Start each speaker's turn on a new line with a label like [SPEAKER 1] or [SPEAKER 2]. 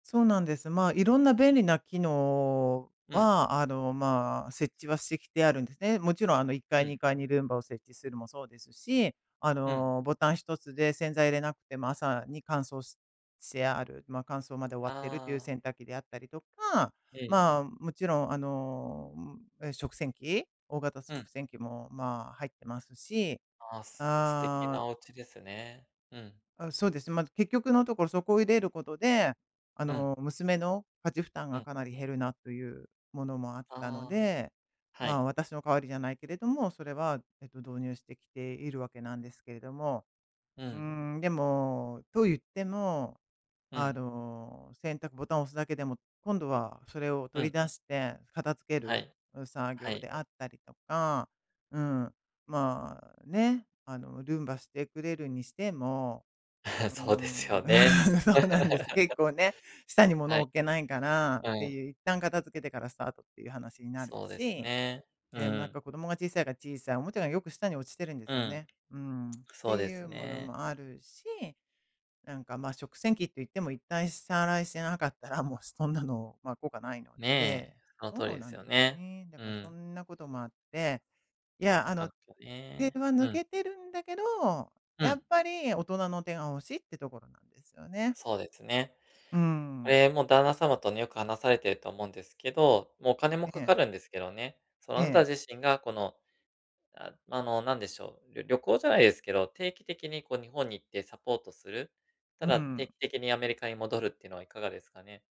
[SPEAKER 1] そうなんです。まあ、色んな便利な機能
[SPEAKER 2] うん。
[SPEAKER 1] は、あの、まあ、設置はしてきてあるんですね。勿論、あのいっか
[SPEAKER 2] う
[SPEAKER 1] い
[SPEAKER 2] ん。
[SPEAKER 1] 2階にルンバを設置するもそうですし、あ
[SPEAKER 2] うん。
[SPEAKER 1] のボタン1つで洗剤入れなくても、朝に乾燥ししてある、まあ、乾燥まで終わってるという
[SPEAKER 2] ああ。
[SPEAKER 1] 洗濯機であったりとか、
[SPEAKER 2] うん。
[SPEAKER 1] まあ、勿論あの、ん、え、食洗機大型
[SPEAKER 2] う
[SPEAKER 1] 食
[SPEAKER 2] ん。
[SPEAKER 1] 洗機も、まあ、入ってますし、
[SPEAKER 2] あ、す素敵
[SPEAKER 1] あ
[SPEAKER 2] な
[SPEAKER 1] あ
[SPEAKER 2] お家ですね、うん。
[SPEAKER 1] あ、そうです。ま、結局のところそこを入れることで、あ
[SPEAKER 2] うん。
[SPEAKER 1] の、娘の家事負担
[SPEAKER 2] う
[SPEAKER 1] が
[SPEAKER 2] ん。
[SPEAKER 1] かなり減るなというものもあったの
[SPEAKER 2] ああ、
[SPEAKER 1] で、
[SPEAKER 2] は
[SPEAKER 1] まあ、
[SPEAKER 2] い。
[SPEAKER 1] 私の代わりじゃないけれども、それは、えっと導入してきている訳なんですけれども。
[SPEAKER 2] う
[SPEAKER 1] う
[SPEAKER 2] ん。
[SPEAKER 1] ーん、でも、といっても、
[SPEAKER 2] う
[SPEAKER 1] あ
[SPEAKER 2] ん。
[SPEAKER 1] の、選択ボタンを押すだけでも、今度はそれを
[SPEAKER 2] う
[SPEAKER 1] 取り
[SPEAKER 2] ん。
[SPEAKER 1] 出して、片付け
[SPEAKER 2] は
[SPEAKER 1] る、
[SPEAKER 2] い、
[SPEAKER 1] う、作
[SPEAKER 2] は
[SPEAKER 1] 業
[SPEAKER 2] い。
[SPEAKER 1] であったりとか、うん。まあね、あの、ルンバしてくれるにしても、うー
[SPEAKER 2] そうです
[SPEAKER 1] ん、
[SPEAKER 2] よね。
[SPEAKER 1] そうなんです。結構ね、下に物
[SPEAKER 2] は
[SPEAKER 1] を
[SPEAKER 2] い。
[SPEAKER 1] 置けないから、っ
[SPEAKER 2] う
[SPEAKER 1] て
[SPEAKER 2] ん。
[SPEAKER 1] いう、一旦片付けてからスタートっていう話になる
[SPEAKER 2] そうです
[SPEAKER 1] し。
[SPEAKER 2] ね、う
[SPEAKER 1] ええ、もうなん
[SPEAKER 2] ん。
[SPEAKER 1] か子供が小さいから、小さいおもちゃが良く下に落ちてるんです
[SPEAKER 2] う
[SPEAKER 1] よ
[SPEAKER 2] ん。
[SPEAKER 1] ね。うん。って
[SPEAKER 2] そうで
[SPEAKER 1] い
[SPEAKER 2] す
[SPEAKER 1] うもの
[SPEAKER 2] ね。
[SPEAKER 1] もあるし、なんかまあ、食洗機っていっても、一旦下洗いしてなかったら、もうそんなの、まあ、効果ないの
[SPEAKER 2] ねえ、
[SPEAKER 1] で。
[SPEAKER 2] その通り
[SPEAKER 1] そう
[SPEAKER 2] で
[SPEAKER 1] な
[SPEAKER 2] す
[SPEAKER 1] ん
[SPEAKER 2] よ
[SPEAKER 1] です
[SPEAKER 2] ね、
[SPEAKER 1] ね。だ
[SPEAKER 2] う
[SPEAKER 1] からそ
[SPEAKER 2] ん。
[SPEAKER 1] んなこともあって、いや、
[SPEAKER 2] な
[SPEAKER 1] あ
[SPEAKER 2] か
[SPEAKER 1] の、
[SPEAKER 2] なか
[SPEAKER 1] 手
[SPEAKER 2] ね、
[SPEAKER 1] は
[SPEAKER 2] う
[SPEAKER 1] 抜
[SPEAKER 2] ん。
[SPEAKER 1] けてるんだけど、
[SPEAKER 2] う
[SPEAKER 1] や
[SPEAKER 2] ん。
[SPEAKER 1] っぱり大人の手が欲しいってところなんですよね。
[SPEAKER 2] そうですね。
[SPEAKER 1] うー
[SPEAKER 2] こ
[SPEAKER 1] ん。
[SPEAKER 2] れ、もう旦那様とね、よく話されてると思うんですけど、もうお金も
[SPEAKER 1] え
[SPEAKER 2] 掛
[SPEAKER 1] え。
[SPEAKER 2] かるんですけどね。その
[SPEAKER 1] え
[SPEAKER 2] あなた
[SPEAKER 1] え。
[SPEAKER 2] 自身が、この、ああの、なんでしょう、りょ旅行じゃないですけど、定期的にこう日本に行ってサポートする、た
[SPEAKER 1] う
[SPEAKER 2] だ定
[SPEAKER 1] ん。
[SPEAKER 2] 期的にアメリカに戻るっていうのはいかがですかね。